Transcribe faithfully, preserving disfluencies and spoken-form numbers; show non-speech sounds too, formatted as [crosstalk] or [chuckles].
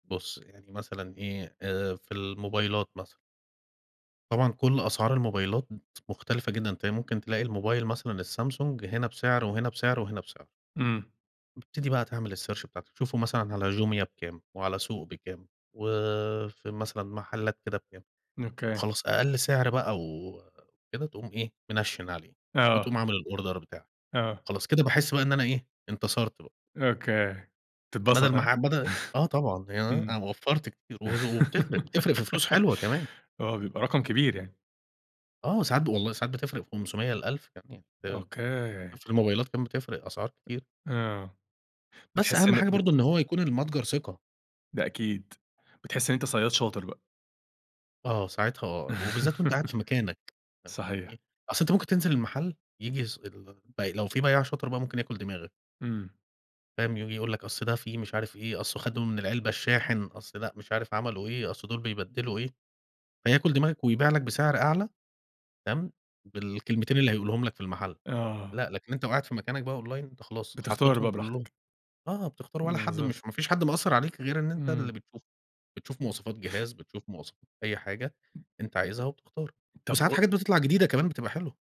بُص، يعني مثلًا إيه، آآ في الموبايلات مثلًا طبعًا كل أسعار الموبايلات مت مختلفة جدًا، تلاقي ممكن تلاقي الموبايل مثلًا الSamsung هنا بسِعر وهنا بسِعر وهنا بسِعر. إمم. بتبتدي بقى تعمل الsearch بتاعتك، تشوفه مثلًا على Jumia بكام، وعلى سوق بكام، وفي مثلًا محلّات كده بكام، ن أوكي. وخلاص أقل سِعر بقى وكده تقوم إيه، مِنَشِّن عليه آه. وتقوم عامل الأوردر بتاعك. آه. خلاص، كده باحس بقى إن أنا إيه، انتصرت بقى. أوكي. بدل تتبسط، ما ها؟ ح بدل [chuckles] آه، طبعًا أنا إمم. وفّرت كتير وزو وبتفرِق بتفرِق في فلوس [laughs] حلوة كمان. آه، بيبقى رقم كبير يعني. آه، وساعات ب والله ساعات بتفرِق في خمسمية ل ألف كمان، يعني أنت أوكي. [unintelligible] في الموبايلات كمان بتفرِق أسعار كتير. آه، بس بتحس أهَم إن حاجة بت برضه إن هو يكون المتجر ثقة. ده أكيد. بتحس إن أنت صيّاد شاطر بقى. آه، ساعتها آه، وبالذات وأنت قاعد [laughs] في مكانك، فاهم، يعني صحيح. إيه، أصل أنت ممكن تنزِل المحل ييجي ص الب لو في بيّاع شاطر بقى ممكن ياكل دماغك. إمم. فاهم؟ وييجي يقول لك أصل ده فيه مش عارف إيه، أصله خَدوا من العلبة الشاحن، أصل لأ مش عارف عملوا إيه، أصل دول بيبدِّلوا إيه، فياكل دماغك ويبيع لك بسِعر أعلى، تمام، بالكلمتين اللي هيقولهم لك في المحل، آه. لأ لكن أنت لو قاعد في مكانك بقى online أنت خلاص بتختار حطيتهم بقى براحتك. كلّهم. آه، بتختار ولا حد بالضبط. مش ما فيش حد مقصّر عليك غير إن أنت إمم. اللي بتشوف، بتشوف مواصفات جهاز بتشوف مواصفات أي حاجة أنت عايزها وبتختار طَب وساعات قو حاجات بتطلَع جديدة كمان، بتبقى حلوة.